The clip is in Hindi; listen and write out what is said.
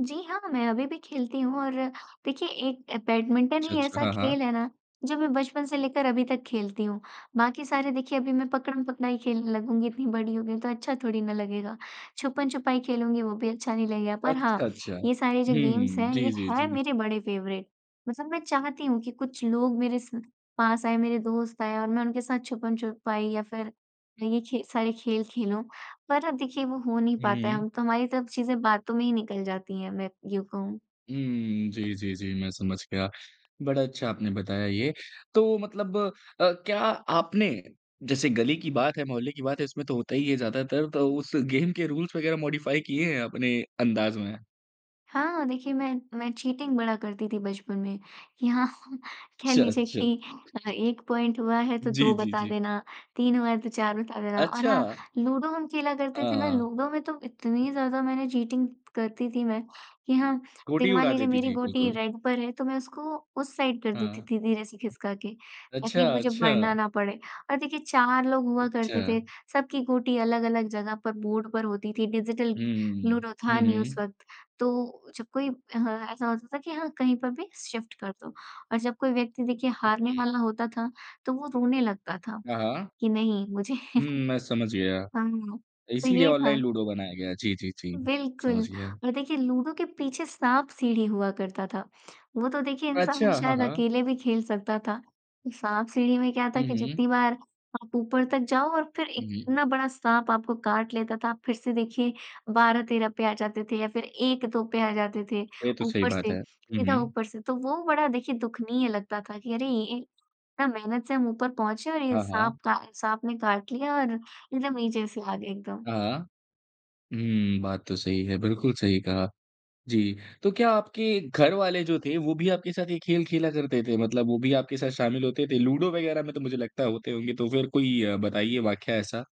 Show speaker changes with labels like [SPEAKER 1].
[SPEAKER 1] जी, हाँ, मैं अभी भी खेलती हूँ और देखिए एक बैडमिंटन
[SPEAKER 2] अच्छा,
[SPEAKER 1] ही
[SPEAKER 2] अच्छा।
[SPEAKER 1] ऐसा
[SPEAKER 2] हाँ, हाँ।
[SPEAKER 1] खेल है ना, जो मैं बचपन से लेकर अभी तक खेलती हूँ। बाकी सारे देखिए अभी मैं पकड़म-पकड़ाई खेलने लगूँगी इतनी बड़ी हो गई हूँ तो अच्छा थोड़ी ना लगेगा। छुपन-छुपाई खेलूँगी वो भी अच्छा नहीं लगेगा, पर हाँ,
[SPEAKER 2] अच्छा, अच्छा।
[SPEAKER 1] ये सारे जो गेम्स
[SPEAKER 2] हुँ,
[SPEAKER 1] हैं,
[SPEAKER 2] जी,
[SPEAKER 1] ये
[SPEAKER 2] जी,
[SPEAKER 1] है
[SPEAKER 2] जी।
[SPEAKER 1] मेरे बड़े फेवरेट। मतलब मैं चाहती हूँ कि, कुछ लोग मेरे स पास आए मेरे दोस्त आए और मैं उनके साथ छुपन-छुपाई या फिर ये खे सारे खेल खेलूँ, पर अब देखिए वो हो नहीं
[SPEAKER 2] हुँ,
[SPEAKER 1] पाता है,
[SPEAKER 2] हुँ।
[SPEAKER 1] हम तो हमारी तरफ से चीज़ें बातों में ही निकल जाती हैं, मैं यूँ कहूँ।
[SPEAKER 2] उम, जी, जी, जी। मैं समझ गया, बड़ा अच्छा आपने बताया ये। तो मतलब अ, क्या आपने जैसे गली की बात है, मोहल्ले की बात है इसमें तो होता ही है, ज़्यादातर तो उस गेम के रूल्स वगैरह मॉडिफ़ाई किए हैं अपने अंदाज़ में?
[SPEAKER 1] हाँ। देखिए मैं मैं चीटिंग बड़ा करती थी बचपन में, कि हाँ, कह
[SPEAKER 2] अच्छा,
[SPEAKER 1] लीजिए
[SPEAKER 2] अच्छा।
[SPEAKER 1] कि अ, एक पॉइंट हुआ है तो
[SPEAKER 2] जी,
[SPEAKER 1] दो
[SPEAKER 2] जी,
[SPEAKER 1] बता
[SPEAKER 2] जी।
[SPEAKER 1] देना, 3 हुआ है तो 4 बता देना। और हाँ,
[SPEAKER 2] अच्छा।
[SPEAKER 1] लूडो हम खेला करते
[SPEAKER 2] हाँ,
[SPEAKER 1] थे ना,
[SPEAKER 2] हाँ।
[SPEAKER 1] लूडो में तो इतनी ज़्यादा मैंने चीटिंग करती थी मैं कि हाँ, देखिए
[SPEAKER 2] गोटी
[SPEAKER 1] मान
[SPEAKER 2] उड़ा
[SPEAKER 1] लीजिए
[SPEAKER 2] देती
[SPEAKER 1] मेरी
[SPEAKER 2] थी,
[SPEAKER 1] गोटी
[SPEAKER 2] बिल्कुल।
[SPEAKER 1] रेड पर है तो मैं उसको उस साइड कर देती
[SPEAKER 2] हाँ।
[SPEAKER 1] थी धीरे से खिसका के, ताकि
[SPEAKER 2] अच्छा,
[SPEAKER 1] मुझे बढ़ना
[SPEAKER 2] अच्छा।
[SPEAKER 1] न पड़े। और देखिए 4 लोग हुआ
[SPEAKER 2] चा
[SPEAKER 1] करते थे, सबकी गोटी अलग-अलग जगह पर बोर्ड पर होती थी डिजिटल
[SPEAKER 2] हुँ, हुँ,
[SPEAKER 1] लूडो था
[SPEAKER 2] हुँ। हुँ,
[SPEAKER 1] नहीं उस
[SPEAKER 2] हुँ।
[SPEAKER 1] वक़्त, तो जब कोई अ, ऐसा होता था कि हाँ कहीं पर भी शिफ़्ट कर दो। और जब कोई व्यक्ति देखिए
[SPEAKER 2] हुँ,
[SPEAKER 1] हारने
[SPEAKER 2] हुँ।
[SPEAKER 1] वाला होता था, तो वो रोने लगता था,
[SPEAKER 2] हाँ, हाँ।
[SPEAKER 1] कि नहीं मुझे
[SPEAKER 2] हुँ, मैं समझ गया।
[SPEAKER 1] हाँ, तो
[SPEAKER 2] इसीलिए
[SPEAKER 1] ये था।
[SPEAKER 2] ऑनलाइन लूडो बनाया गया। जी, जी, जी। समझ
[SPEAKER 1] बिल्कुल।
[SPEAKER 2] गया।
[SPEAKER 1] और देखिए लूडो के पीछे साँप-सीढ़ी हुआ करता था, वो तो देखिए इंसान
[SPEAKER 2] अच्छा, हाँ,
[SPEAKER 1] शायद
[SPEAKER 2] हाँ।
[SPEAKER 1] अकेले भी खेल सकता था। साँप-सीढ़ी में क्या था
[SPEAKER 2] हुँ,
[SPEAKER 1] कि
[SPEAKER 2] हुँ।
[SPEAKER 1] जितनी बार, आप ऊपर तक जाओ और फिर
[SPEAKER 2] हुँ, हुँ।
[SPEAKER 1] इतना बड़ा साँप आपको काट लेता था फिर से देखिए, 12-13 पे आ जाते थे या फिर 1-2 पे आ जाते थे,
[SPEAKER 2] ये तो सही
[SPEAKER 1] ऊपर
[SPEAKER 2] बात है।
[SPEAKER 1] से,
[SPEAKER 2] हुँ,
[SPEAKER 1] सीधा
[SPEAKER 2] हुँ।
[SPEAKER 1] ऊपर से। तो वो बड़ा देखिए दुखनीय लगता था कि अरे! इन इतना मेहनत से हम ऊपर पहुँचे और ये
[SPEAKER 2] हाँ, हाँ।
[SPEAKER 1] साँप का साँप ने काट लिया और एकदम नीचे से आ गए, एकदम।
[SPEAKER 2] हाँ, हाँ। हुँ, बात तो सही है बिल्कुल सही कहा। जी, तो क्या आपके घर वाले जो थे वो भी आपके साथ ये खेल खेला करते थे, मतलब वो भी आपके साथ शामिल होते थे? लूडो वगैरह में तो मुझे लगता है होते होंगे तो फिर कोई अ, बताइए वाकया ऐसा।